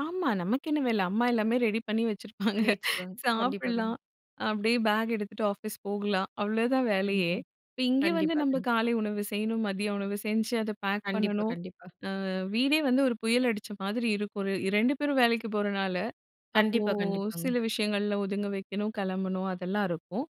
ஆமா. நமக்கு என்ன வேல அம்மா எல்லாமே ரெடி பண்ணி வச்சிருப்பாங்க. பண்ணி வச்சிருவாங்க. கண்டிப்பா, கண் சாப்படலாம். அப்டியே பேக் எடுத்துட்டு, ஆபிஸ் போகலாம் அவ்ளோதான் வேலையே. கண்டிப்பா, இங்க வந்து கண்டிப்பா, நம்ப கண் காலை உணவு செய்யணும். மதிய உணவு செஞ்சு, அத பேக் கண்டிப்பா, பண்ணனும். கண்டிப்பா. ஆ, வீடே வந்து ஒரு புயல் அடிச்ச மாதிரி இருக்கும். ரெ 2 பேரும் வேலைக்கு போறனால, அப்போ கண்டிப்பா, கண்டிப்பாங்க. சில விஷயங்கள்ல ஒதுங்க வெக்கணும் கெளம்பணும் அதெல்லாம் இருக்கும்.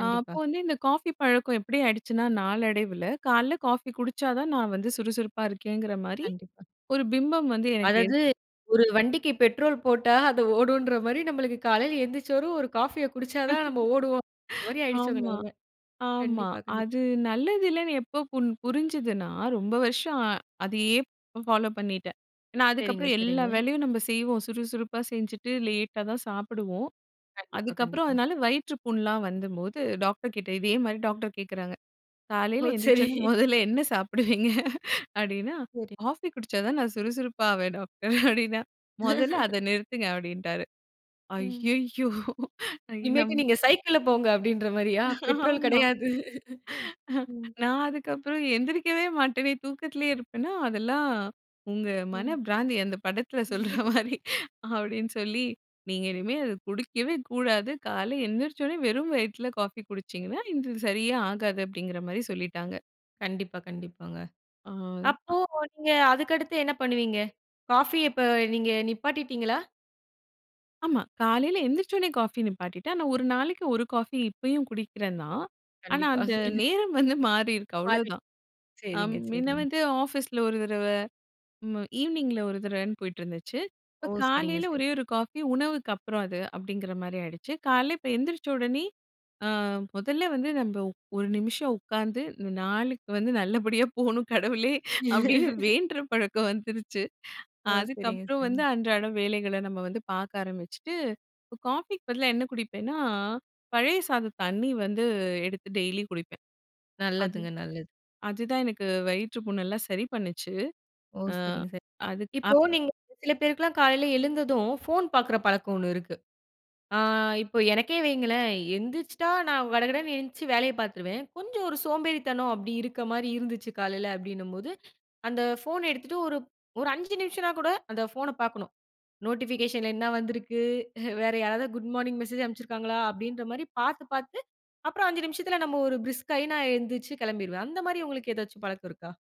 அ அப்போ வந்து இந்த காஃபி பழக்கம் எப்டி ஆயிடுச்சுனா நாளடைவுல காலைல காஃபி குடிச்சாதான் நான் வந்து சுறுசுறுப்பா இருக்கேங்குற மாரி கண்டிப்பா. ஒரு பிம்பம் வந்து எனக்கு அதாவது ஏற்படு ஒரு வண்டிக்கு பெட்ரோல் போட்டா, அது ஓடுன்ற மாரி நம்மளுக்கு காலையில எந்திரிச்சரும் ஒரு காஃபிய குடிச்சாதான் நம்ம ஓடுவோன்ற மாரி ஆயிருச்சு உங்க ஆமா, நெலைம. ஆமா. கண்டிப்பா, கண்டிப்பா. அது நல்லது இல்லன்னு எப்போ புரு புரிஞ்சதுனா ரொம்ப வருஷம், அ அதையே பாலோ பண்ணிட்டேன். ஏன்னா, சரிங்க, அதுக்கப்புறம் எல்லா சரிங்க. வேலையும் நம்ப செய்வோம் சுறுசுறுப்பா செஞ்சிட்டு லேட்டாதான் சாப்புடுவோம். கண்டிப்பா, அதுக்கப்புறம் கண்டிப்பா. அதனால வயிற்றுப்புண்லாம் வந்தம் போது டாக்டர் கிட்ட இதே மாதிரி டாக்டர் கேக்குறாங்க. ஓ! காலைல எந்திரிச்ச சரி. உடனே மொதல்ல என்ன சாப்பிடுவீங்க, அப்டின்னா சரி. காபி குடிச்சாதான் நான் சுறுசுறுப்பாவேன் டாக்டர் அப்டின்னா, மொதல்ல அத நிறுத்துங்க அப்டின்டாரு. ம். அய்யய்யோ! ஐய நம் இனிமேட்டு, நீங்க சைக்கிள்ல போங்க அப்டின்ற மாரியா, பெட்ரோல் ஆமா. கெடையாது. ம். நான் அதுக்கப்புறம் எந்திரிக்கவே மாட்டனே தூக்கத்துலே இருப்பேன்னா அதெல்லாம் உங்க மன ம். பிராந்தி அந்த படத்துல சொல்ற மாரி அப்டின்னு சொல்லி, நீங்க இனிமே அத குடிக்கவே கூடாது. காலைல எந்திரிச்ச உடனே வெறும் வயித்துல காஃபி குடிச்சிங்கனா இது சரியே ஆகாது அப்டிங்கிற மாரி சொல்லிட்டாங்க. கண்டிப்பா, கண்டிப்பாங்க. ஆ. அப்போ அ. நீங்க அதுக்கடுத்து என்ன பண்ணுவீங்க? காஃபிய இப்ப நீங்க நிப்பாட்டிட்டீங்களா? ஆமா. காலைல எந்திரிச்ச உடனே காஃபி நிப்பாட்டிட்டேன். ஆனா, ஒரு நாளைக்கு 1 காபி இப்பயும் குடிக்கிறன்தான். ஆனா, கண்டிப்பா. அந்த நேரம் வந்து மாறி இருக்கு பாதி. அவ்ளோதான். அ, சரிங்க, மின்ன சரிங்க. வந்து ஆபிஸ்ல 1 தடவ, ம், ஈவினிங்ல 1 தடவனு போயிட்டு இருந்துச்சு. ஓ! இப்ப சரிங்க, காலைல சரி. ஒரே 1 காபி உணவுக்கு அப்புறம் அது அப்படிங்குற மாரி ஆயிடுச்சு. காலைல இப்ப எந்திரிச்ச உடனே ஆ, முதல்ல வந்து நம்ப ஒரு நிமிஷம் உக்காந்து நாளுக்கு வந்து நல்லபடியா போணும் கடவுளே அப்டின்னு வேண்ற பழக்கம் வந்துருச்சு. அ, ஓ! சரிங்க, அதுக்கப்புறம் வந்து சரிங்க. அன்றாட வேலைகள நம்ப வந்து பாக்க ஆரம்பிச்சிட்டு காபிக்கு பதிலா என்ன குடிப்பேன்னா, பழைய சாத தண்ணி வந்து எடுத்து டெய்லி குடிப்பேன். அது நல்லதுங்க, நல்லது. அதுதான் எனக்கு வயிற்றுப்புண்லாம் சரி பண்ணுச்சு. ஓ! ஆ, சரிங்க, சரிங்க. இப்போ அதுக்கப் நீங்க சில பேருக்குலாம் காலையில எழுந்ததும் போன் பாக்குற பழக்கம் ஒண்ணு இருக்கு. ஆ, இப்போ எனக்கே வைங்களேன் எந்திரிச்சிட்டா நான் கடகடன்னு எந்ச்சி வேலைய பாத்துருவேன், கொஞ்சம் ஒரு சோம்பேறித்தனம் அப்டி இருக்க மாரி இருந்துச்சு காலைல அப்டினம்போது, அந்த போன எடுத்துட்டு ஒரு ஒரு 5 நிமிஷமானா கூட அந்த போன பாக்கணும். நோட்டிபிகேஷன்ல என்ன வந்துருக்கு, வேற யாராவது குட் மார்னிங் மெசேஜ் அமிச்சிருக்காங்களா அப்டின்ற மாரி பாத்து, பாத்து, அப்புறம் 5 நிமிஷத்துல நம்ம ஒரு பிரிஸ்க் ஆகி நான் எந்திச்சு கெளம்பிருவேன். அந்த மாரி உங்களுக்கு ஏதாச்சும் பழக்கம் இருக்கா?